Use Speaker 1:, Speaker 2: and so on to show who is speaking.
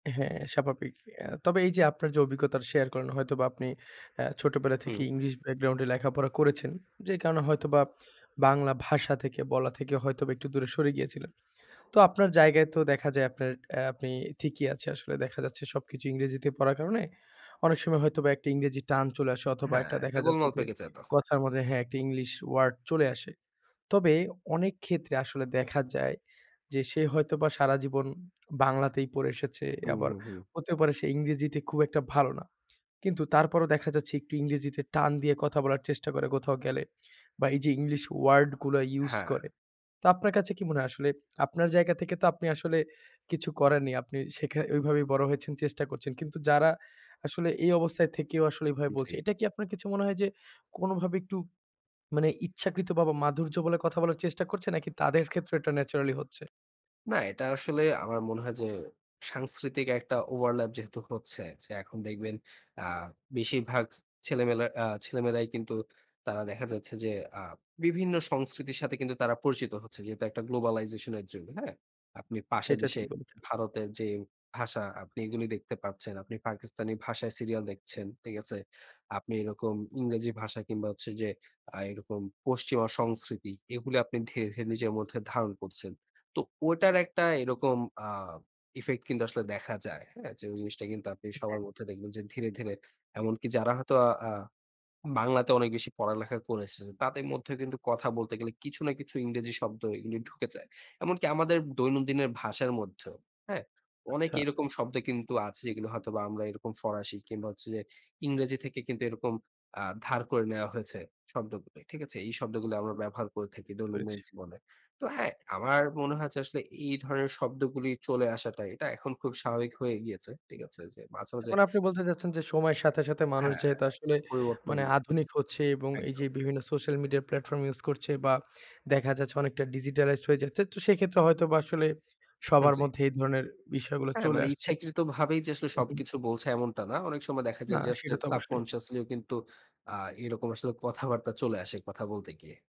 Speaker 1: হ্যাঁ স্বাভাবিক। এ তবে এই যে আপনার যে অভিজ্ঞতাটা শেয়ার করেন হয়তোবা আপনি এ ছোটবেলা
Speaker 2: হুম।
Speaker 1: থেকেই ইংলিশ ব্যাকগ্রাউন্ডে লেখাপড়া করেছেন, যে কারণে হয়তোবা বাংলা ভাষা থেকে বলা থেকে হয়তোবা একটু দূরে সরে গিয়েছিলেন। তো আপনার জায়গায় তো দেখা যায় আপনার আপনি ঠিকই আছে আসলে দেখা যাচ্ছে সবকিছু ইংরেজিতে পড়ার কারণে অনেক সময় হয়তোবা একটা ইংরেজি টান চলে আসে অথবা
Speaker 2: হ্যাঁ,
Speaker 1: একটা
Speaker 2: একটা
Speaker 1: দেখা যাচ্ছে
Speaker 2: গোলমাল
Speaker 1: যে
Speaker 2: পেকে যায় তখন।
Speaker 1: কথার মধ্যে হ্যাঁ একটা ইংলিশ ওয়ার্ড চলে আসে। তবে অনেক ক্ষেত্রে আসলে দেখা যায় যে সে হয়তোবা সারাজীবন বাংলাতেই পড়ে এসেছে।
Speaker 2: হুম,
Speaker 1: আবার
Speaker 2: হুম, হুম।
Speaker 1: হতে পারে সে ইংরেজিতে খুব একটা ভালো না। কিন্তু তারপরও দেখা যাচ্ছে একটু ইংরেজিতে টান দিয়ে কথা বলার চেষ্টা করে কোথাও গেলে। বা এই যে ইংলিশ ওয়ার্ড গুলো ইউস
Speaker 2: হ্যাঁ।
Speaker 1: করে। তো আপনার কাছে কি মনে হয় আসলে আপনার জায়গা থেকে তো আপনি আসলে কিছু করেননি। আপনি সেখ ঐভাবেই বড় হয়েছেন, চেষ্টা করছেন। কিন্তু যারা আসলে এই অবস্থায় থেকেও আসলে এভাবে বলছে,
Speaker 2: জি।
Speaker 1: এটা কি আপনার কিছু মনে হয় যে কোনভাবে একটু মানে ইচ্ছাকৃত বা বা মাধুর্য বলে কথা বলার চেষ্টা করছে নাকি তাদের ক্ষেত্রেও এটা ন্যাচারালি হচ্ছে?
Speaker 2: না, এটা আসলে আমার মনে হয় যে সাংস্কৃতিক একটা ওভারল্যাপ যেহেতু হচ্ছে যে এখন দেখবেন অ্যা বেশিরভাগ ছেলেমেয়েরা আ ছেলেমেয়েরাই কিন্তু তারা দেখা যাচ্ছে যে আ বিভিন্ন সংস্কৃতির সাথে কিন্তু তারা পরিচিত হচ্ছে। যেহেতু একটা গ্লোবালাইজেশন এর যুগ, হ্যাঁ? আপনি পাশের
Speaker 1: সেটা
Speaker 2: দেশে
Speaker 1: ঠিক বলেছেন।
Speaker 2: ভারতের যে ভাষা আপনি এগুলো দেখতে পাচ্ছেন। আপনি পাকিস্তানি ভাষায় সিরিয়াল দেখছেন। ঠিক আছে? আপনি এরকম ইংরেজি ভাষা কিংবা হচ্ছে যে আ এরকম পশ্চিমা সংস্কৃতি এগুলো আপনি ধীরে ধীরে নিজের মধ্যে ধারণ করছেন। তো ওটার একটা এরকম আ ইফেক্ট কিন্তু আসলে দেখা যায়। হ্যাঁ? ওই যে জিনিসটা কিন্তু আপনি
Speaker 1: হ্যাঁ।
Speaker 2: সবার মধ্যে দেখবেন যে ধীরে ধীরে এমনকি যারা হয়তো আ বাংলাতে অনেক বেশি পড়ালেখা করেছে। তাদের মধ্যে কিন্তু কথা বলতে গেলে কিছু না কিছু ইংরেজি শব্দ এগুলি ঢুকে যায়। এমনকি আমাদের দৈনন্দিনের ভাষার মধ্যেও হ্যাঁ? অনেক
Speaker 1: আচ্ছা।
Speaker 2: এরকম শব্দ কিন্তু আছে যেগুলো হয়তোবা আমরা এরকম ফরাসি কিংবা হচ্ছে যে ইংরেজি থেকে কিন্তু এরকম আ ধার করে নেওয়া হয়েছে শব্দগুলো। ঠিক আছে? এই শব্দগুলো আমরা ব্যবহার করে থাকি
Speaker 1: বুঝতে পেরেছি।
Speaker 2: দৈনন্দিন জীবনে। তো হ্যাঁ আমার মনে হয়েছে আসলে এই ধরনের শব্দগুলোই চলে আসাটাই, এটা এখন খুব স্বাভাবিক হয়ে গিয়েছে। ঠিক আছে? মাঝে মাঝে
Speaker 1: এখন আপনি বলতে চাচ্ছেন যে সময়ের সাথে সাথে মানুষ
Speaker 2: হ্যাঁ
Speaker 1: যেহেতু
Speaker 2: একটা
Speaker 1: আসলে
Speaker 2: পরিবর্তন,
Speaker 1: মানে আধুনিক হচ্ছে এবং এই
Speaker 2: একদম।
Speaker 1: যে বিভিন্ন সোশ্যাল মিডিয়া প্ল্যাটফর্ম ইউস করছে বা দেখা যাচ্ছে অনেকটা ডিজিটালাইজড হয়ে যাচ্ছে। তো সেক্ষেত্রে হয়তোবা আসলে
Speaker 2: হা
Speaker 1: সবার
Speaker 2: জি।
Speaker 1: মধ্যে এই ধরনের বিষয়গুলো
Speaker 2: হ্যাঁ,
Speaker 1: চলে
Speaker 2: মানে
Speaker 1: আসছে।
Speaker 2: ইচ্ছাকৃতভাবেই যে আসলে
Speaker 1: হুম, হুম।
Speaker 2: সবকিছু বলছে এমনটা না। অনেক সময় দেখা
Speaker 1: না
Speaker 2: যায় যে আসলে
Speaker 1: সেটা তো অবশ্যই।
Speaker 2: সাবকন্সিয়াসলিও কিন্তু আ এরকম আসলে কথাবার্তা চলে আসে কথা বলতে গিয়ে।